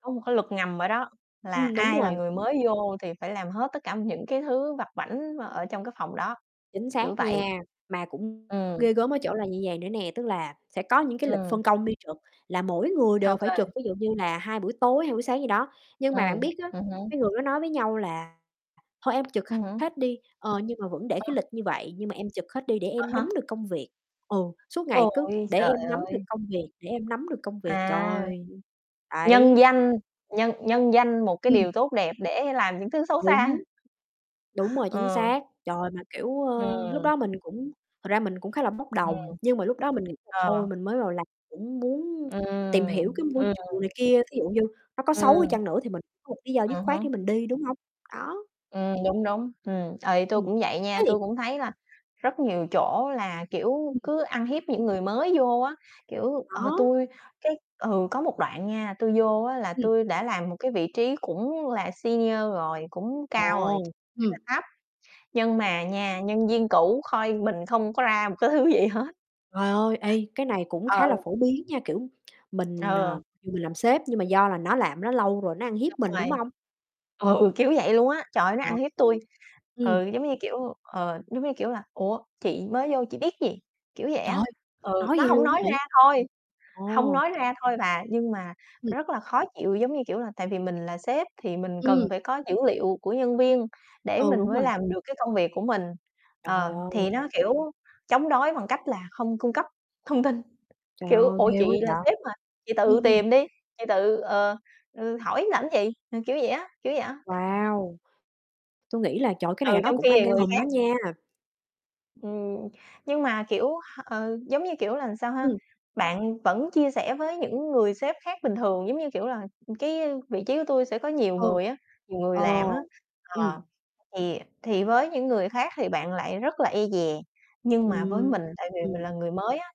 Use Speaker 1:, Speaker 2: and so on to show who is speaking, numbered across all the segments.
Speaker 1: Có một cái luật ngầm ở đó là
Speaker 2: Ừm, đúng
Speaker 1: ai là
Speaker 2: rồi.
Speaker 1: người mới vô thì phải làm hết tất cả những cái thứ vặt vãnh mà ở trong cái phòng đó,
Speaker 2: Chính
Speaker 1: kiểu
Speaker 2: xác
Speaker 1: vậy.
Speaker 2: nha, mà cũng
Speaker 1: Ừm.
Speaker 2: ghê gớm ở chỗ là như vầy nữa nè, tức là sẽ có những cái lịch
Speaker 1: Ừm.
Speaker 2: phân công đi trực là mỗi người
Speaker 1: Ô
Speaker 2: đều phải
Speaker 1: kê.
Speaker 2: trực, ví dụ như là 2 buổi tối, 2 buổi sáng gì đó, nhưng mà bạn
Speaker 1: Ừm,
Speaker 2: biết á,
Speaker 1: ừm hứm.
Speaker 2: mấy người đó nói với nhau là "Thôi, em trực
Speaker 1: Ừm hứm.
Speaker 2: hết đi! Ờ, nhưng mà vẫn để cái
Speaker 1: [unintelligible]
Speaker 2: lịch như vậy nhưng mà em trực hết đi để
Speaker 1: À
Speaker 2: em nắm
Speaker 1: há.
Speaker 2: được công việc." Ừ, suốt ngày cứ:
Speaker 1: Ôi
Speaker 2: "Để
Speaker 1: giời
Speaker 2: em nắm được
Speaker 1: ơi!
Speaker 2: công việc, để em nắm được công việc."
Speaker 1: À.
Speaker 2: Trời [unintelligible]
Speaker 1: Nhân
Speaker 2: đấy.
Speaker 1: danh nhân nhân danh một cái
Speaker 2: Ừm.
Speaker 1: điều tốt đẹp để làm những thứ xấu xa.
Speaker 2: Đúng. Đúng rồi, chính
Speaker 1: Ờ.
Speaker 2: xác. Trời! Mà, kiểu, ơ, lúc
Speaker 1: Ừm.
Speaker 2: đó mình cũng thật ra mình cũng khá là bốc đồng,
Speaker 1: Ừm.
Speaker 2: nhưng mà lúc đó mình nghĩ là
Speaker 1: Ờ.
Speaker 2: thôi mình mới vào làm cũng muốn tìm hiểu
Speaker 1: Ừm,
Speaker 2: cái môi
Speaker 1: ừm.
Speaker 2: trường này kia, thí dụ như nó có xấu đi
Speaker 1: Ừm.
Speaker 2: chăng nữa thì mình có một lý do dứt
Speaker 1: Ừm
Speaker 2: khoát để
Speaker 1: hứm.
Speaker 2: mình đi, đúng hông? Đó.
Speaker 1: Ừm, đúng, đúng. Ừm, ờ, tui
Speaker 2: Ừm,
Speaker 1: cũng vậy nha,
Speaker 2: [unintelligible]
Speaker 1: tui cũng thấy là rất nhiều chỗ là, kiểu,
Speaker 2: Ừm.
Speaker 1: cứ ăn hiếp những người mới vô á. Kiểu, ờ,
Speaker 2: Đó.
Speaker 1: tui cái ừ, có một đoạn nha, tui vô á là
Speaker 2: [unintelligible]
Speaker 1: tui đã làm một cái vị trí cũng là senior rồi, cũng cao rồi
Speaker 2: Ồ!
Speaker 1: [unintelligible] phải
Speaker 2: Ừm.
Speaker 1: là thấp, nhưng mà nha, nhân viên cũ coi mình không có ra một cái thứ gì hết.
Speaker 2: Trời ơi, ê, cái này cũng khá là
Speaker 1: Ừ.
Speaker 2: phổ biến nha, kiểu, mình,
Speaker 1: Ờ.
Speaker 2: ờ dù mình làm sếp nhưng mà do là nó làm ở đó lâu rồi, nó ăn hiếp
Speaker 1: Đúng
Speaker 2: mình,
Speaker 1: rồi.
Speaker 2: đúng hông?
Speaker 1: Ừ, kiểu vậy luôn á, trời ơi, nó
Speaker 2: Ờ.
Speaker 1: ăn hiếp tui.
Speaker 2: [unintelligible] Ừm.
Speaker 1: Ừ, giống như kiểu ờ, giống như kiểu là "Ủa, chị mới vô chị biết gì?" Kiểu vậy
Speaker 2: Trời
Speaker 1: á.
Speaker 2: ơi!
Speaker 1: Ừ,
Speaker 2: Nói
Speaker 1: nó
Speaker 2: vậy
Speaker 1: hông
Speaker 2: luôn
Speaker 1: nói
Speaker 2: á hả?
Speaker 1: ra thôi. Hông
Speaker 2: Ồ.
Speaker 1: nói ra thôi bà, nhưng mà
Speaker 2: [unintelligible]
Speaker 1: rất là khó chịu, giống như kiểu là, tại vì mình là sếp thì mình
Speaker 2: Ừm.
Speaker 1: cần phải có dữ liệu của nhân viên để
Speaker 2: Ừ,
Speaker 1: mình
Speaker 2: đúng
Speaker 1: mới
Speaker 2: rồi.
Speaker 1: làm được cái công việc của mình.
Speaker 2: Trời
Speaker 1: Ờ,
Speaker 2: ơi!
Speaker 1: thì nó, kiểu, chống đối bằng cách là không cung cấp thông tin,
Speaker 2: Trời
Speaker 1: kiểu:
Speaker 2: ơi!
Speaker 1: "Ủa?
Speaker 2: Ghê quá
Speaker 1: Chị là
Speaker 2: vậy.
Speaker 1: sếp mà, chị
Speaker 2: Ừm,
Speaker 1: tự
Speaker 2: ừm.
Speaker 1: tìm đi, chị tự, ờ, ừ, hỏi làm gì?" Ừ, kiểu vậy á, kiểu vậy á, thái độ.
Speaker 2: Wow! Tui nghĩ là, trời ơi, cái này là
Speaker 1: Ừ,
Speaker 2: nó
Speaker 1: trong
Speaker 2: cũng
Speaker 1: khi
Speaker 2: ăn
Speaker 1: thì
Speaker 2: gan
Speaker 1: người
Speaker 2: hùm á
Speaker 1: khác
Speaker 2: nha.
Speaker 1: Ừm, nhưng mà, kiểu, h ừ, giống như kiểu là sao ha?
Speaker 2: Ừm.
Speaker 1: Bạn vẫn chia sẻ với những người sếp khác bình thường, giống như kiểu là cái vị trí của tui sẽ có nhiều
Speaker 2: Ừ.
Speaker 1: người á, nhiều người
Speaker 2: Ờ,
Speaker 1: làm á,
Speaker 2: ừm.
Speaker 1: ờ, thì thì với những người khác thì bạn lại rất là e dè, nhưng mà với mình,
Speaker 2: Ừm.
Speaker 1: tại vì mình là người mới á,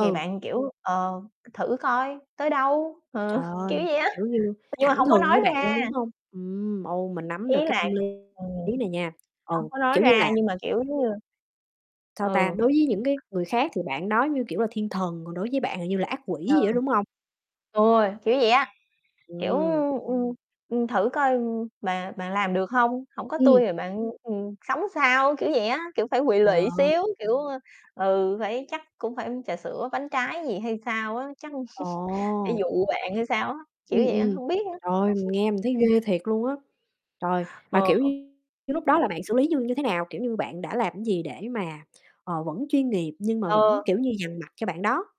Speaker 1: thì bạn, kiểu: "Ờ, thử coi tới đâu?" Ừ,
Speaker 2: Trời
Speaker 1: kiểu
Speaker 2: ơi!
Speaker 1: vậy á,
Speaker 2: Kiểu như,
Speaker 1: nhưng mà
Speaker 2: thẳng
Speaker 1: hông có
Speaker 2: thừng
Speaker 1: nói
Speaker 2: với bạn
Speaker 1: ra.
Speaker 2: luôn, đúng hông? Ừm, ừ, mình nắm
Speaker 1: Ý
Speaker 2: được cái
Speaker 1: là
Speaker 2: tâm lý
Speaker 1: ừm,
Speaker 2: này nha, ừ,
Speaker 1: hông có nói
Speaker 2: kiểu như là
Speaker 1: ra nhưng mà, kiểu, giống như
Speaker 2: sao ta,
Speaker 1: ừ.
Speaker 2: đối với những cái người khác thì bạn đó như kiểu là thiên thần, còn đối với bạn thì như là ác
Speaker 1: Ờ.
Speaker 2: quỷ vậy đó, đúng hông?
Speaker 1: Rồi, kiểu vậy á, kiểu,
Speaker 2: Ừm.
Speaker 1: ưm, ừm, "Ừm, thử coi mà bạn làm được hông? Hổng có tui
Speaker 2: Ừm.
Speaker 1: thì bạn, ừm, sống sao?" Kiểu vậy á, kiểu, phải quỵ
Speaker 2: Trời
Speaker 1: lụy
Speaker 2: ơi!
Speaker 1: xíu, kiểu, ơ, ừ, phải chắc cũng phải, ưm, trà sữa, bánh trái gì hay sao á, chắc phải
Speaker 2: Ồ!
Speaker 1: dụ bạn hay sao á, kiểu
Speaker 2: Ừm,
Speaker 1: vậy á,
Speaker 2: ừm.
Speaker 1: hông biết nữa.
Speaker 2: Trời ơi, mình nghe mình thấy ghê thiệt luôn á. Trời, mà
Speaker 1: Ờ.
Speaker 2: kiểu như cái lúc đó là bạn xử lý như như thế nào? Kiểu như, bạn đã làm cái gì để mà, ờ, vẫn chuyên nghiệp nhưng mà vẫn,
Speaker 1: Ờ.
Speaker 2: kiểu như, dằn mặt cho bạn đó?